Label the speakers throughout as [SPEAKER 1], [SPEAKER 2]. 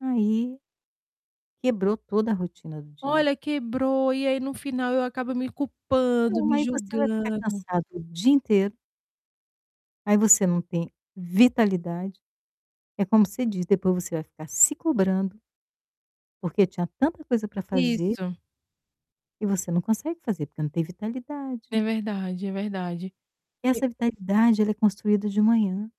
[SPEAKER 1] Aí quebrou toda a rotina do dia.
[SPEAKER 2] Olha, quebrou, e aí no final eu acabo me culpando,
[SPEAKER 1] Então
[SPEAKER 2] me
[SPEAKER 1] aí você vai ficar
[SPEAKER 2] julgando.
[SPEAKER 1] cansado o dia inteiro aí você não tem vitalidade. É como você diz, depois você vai ficar se cobrando porque tinha tanta coisa para fazer
[SPEAKER 2] Isso.
[SPEAKER 1] e você não consegue fazer porque não tem vitalidade
[SPEAKER 2] É verdade, é verdade.
[SPEAKER 1] e
[SPEAKER 2] E
[SPEAKER 1] essa vitalidade ela é construída de manhã.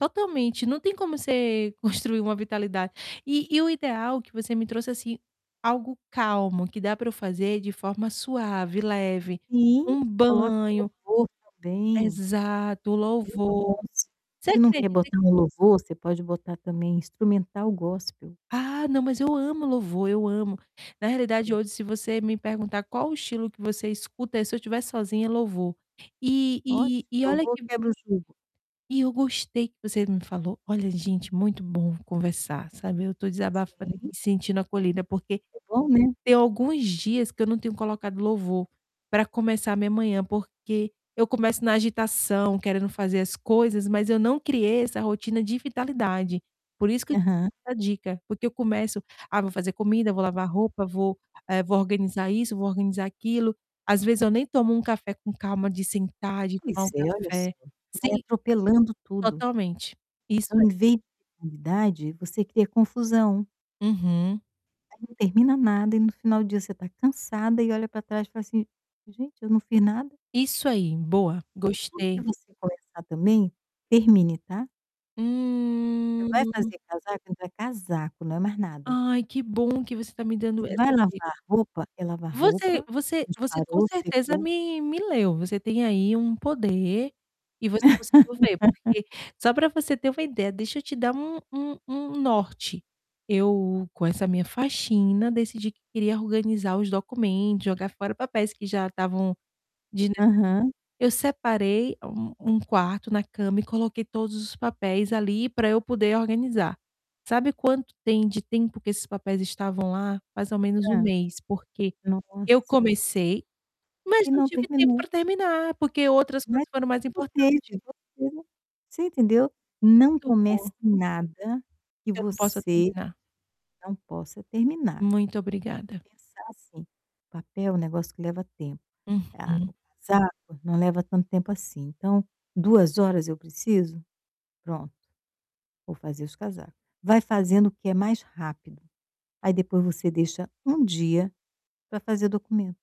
[SPEAKER 2] Totalmente, não tem como você construir uma vitalidade. E e o ideal que você me trouxe, assim, algo calmo, que dá para eu fazer de forma suave, leve,
[SPEAKER 1] E
[SPEAKER 2] um
[SPEAKER 1] coloque
[SPEAKER 2] banho
[SPEAKER 1] louvor também
[SPEAKER 2] Exato, o
[SPEAKER 1] muito bom,
[SPEAKER 2] louvor.
[SPEAKER 1] s
[SPEAKER 2] Você
[SPEAKER 1] se não quer
[SPEAKER 2] acredita
[SPEAKER 1] botar
[SPEAKER 2] que
[SPEAKER 1] um louvor, você pode botar, também, instrumental gospel.
[SPEAKER 2] Ah, não, mas eu amo louvor, eu amo. Na realidade, hoje, se você me perguntar qual o estilo que você escuta, é se eu estiver sozinha, é louvor. E
[SPEAKER 1] Ótimo,
[SPEAKER 2] e e olha
[SPEAKER 1] louvor
[SPEAKER 2] que
[SPEAKER 1] quebra o [unintelligible]
[SPEAKER 2] e eu gostei que você me falou, olha, gente, muito bom conversar, sabe, eu estou desabafando aqui,
[SPEAKER 1] Sim
[SPEAKER 2] sentindo acolhida porque,
[SPEAKER 1] é bom, né.
[SPEAKER 2] tem alguns dias que eu não tenho colocado louvor para começar a minha manhã, porque eu começo na agitação querendo fazer as coisas, mas eu não criei essa rotina de vitalidade. Por isso que
[SPEAKER 1] Aham.
[SPEAKER 2] valeu a dica, porque eu começo: "Ah, vou fazer comida, vou lavar roupa, vou, eh, vou organizar isso, vou organizar aquilo", às vezes eu nem tomo um café com calma de sentar, de tomar
[SPEAKER 1] Pois
[SPEAKER 2] um
[SPEAKER 1] é, olha só.
[SPEAKER 2] café
[SPEAKER 1] Vai
[SPEAKER 2] sim,
[SPEAKER 1] atropelando tudo.
[SPEAKER 2] totalmente, isso
[SPEAKER 1] Então em
[SPEAKER 2] aí.
[SPEAKER 1] vez de novidade você cria confusão
[SPEAKER 2] Uhum.
[SPEAKER 1] aí não termina nada e no final do dia você está cansada e olha para trás e fala assim: "Gente eu não fiz nada".
[SPEAKER 2] Isso aí, boa,
[SPEAKER 1] E tudo que
[SPEAKER 2] gostei.
[SPEAKER 1] você começar também, termine, tá você vai
[SPEAKER 2] Hum.
[SPEAKER 1] fazer casaco entra casaco, não é mais nada
[SPEAKER 2] Ai que bom que você está me dando
[SPEAKER 1] você vai
[SPEAKER 2] essa dic
[SPEAKER 1] lavar roupa, é lavar
[SPEAKER 2] Você
[SPEAKER 1] roupa,
[SPEAKER 2] você você, com
[SPEAKER 1] disparou,
[SPEAKER 2] certeza,
[SPEAKER 1] secou.
[SPEAKER 2] me me leu, você tem aí um poder e você conseguiu ver, porque, só para você ter uma ideia, deixa eu te dar um um um um norte, eu com essa minha faxina, decidi que queria organizar os documento, jogar fora papéis que já estavam desnecessários,
[SPEAKER 1] Aham.
[SPEAKER 2] eu separei um um quarto na cama e coloquei todos os papéis ali para eu poder organizar. Sabe quanto tem de tempo que esses papéis estavam lá? Mais ou menos 1
[SPEAKER 1] Hã.
[SPEAKER 2] mês porque,
[SPEAKER 1] Não func
[SPEAKER 2] eu comecei, mas
[SPEAKER 1] E
[SPEAKER 2] não
[SPEAKER 1] não
[SPEAKER 2] tive tempo
[SPEAKER 1] terminou.
[SPEAKER 2] para terminar porque outras
[SPEAKER 1] Ma
[SPEAKER 2] coisas foram mais importante.
[SPEAKER 1] [unintelligible] você entendeu? Não
[SPEAKER 2] Muito bom.
[SPEAKER 1] comece nada que
[SPEAKER 2] Que eu não possa
[SPEAKER 1] você
[SPEAKER 2] terminar.
[SPEAKER 1] não possa terminar.
[SPEAKER 2] Muito obrigada.
[SPEAKER 1] Pensar assim, papel um negócio que leva tempo,
[SPEAKER 2] Uhum.
[SPEAKER 1] tá, casaco não leva tanto tempo assim, então, 2 horas eu preciso? Pronto, vou fazer os casaco. Vai fazendo o que é mais rápido, aí depois você deixa um dia pra fazer documento.